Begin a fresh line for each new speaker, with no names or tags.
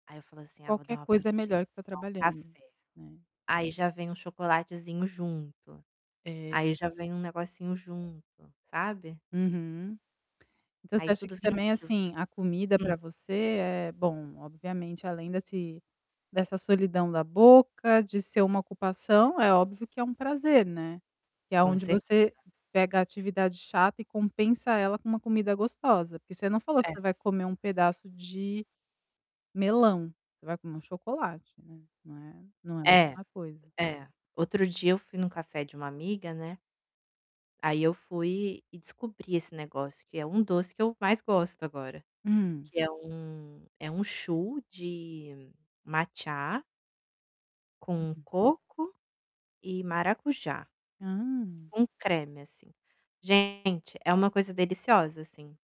Aí, eu falo assim: "Ah, vou dar
Qualquer
uma
coisa é
paradinha, eu
melhor
vou
que tá
tomar um
trabalhando,
café.",
né.
Aí, já vem um chocolatezinho junto,
É
aí já vem um negocinho junto, sabe?
Uhum. Então, você
Aí
acha
tudo
que
vira
também
motivo.
assim, a comida para
Hum?
você é bom, obviamente além desse dessa solidão da boca, de ser uma ocupação, é óbvio que é um prazer, né. Que é
Com
aonde
certeza.
você pega a atividade chata e compensa ela com uma comida gostosa, porque você não falou que
É.
você vai comer um pedaço de melão, você vai comer um chocolate, né, não é, não é a
É.
mesma coisa.
É. Outro dia eu fui num café de um amiga, né ai eu fui e descobri esse negócio que é um doce que eu mais gosto agora.
Hum.
Que é um é um choux de matcha com
Uhum.
coco e maracujá,
Hã!
com creme, assim. Gente, é uma coisa deliciosa, assim.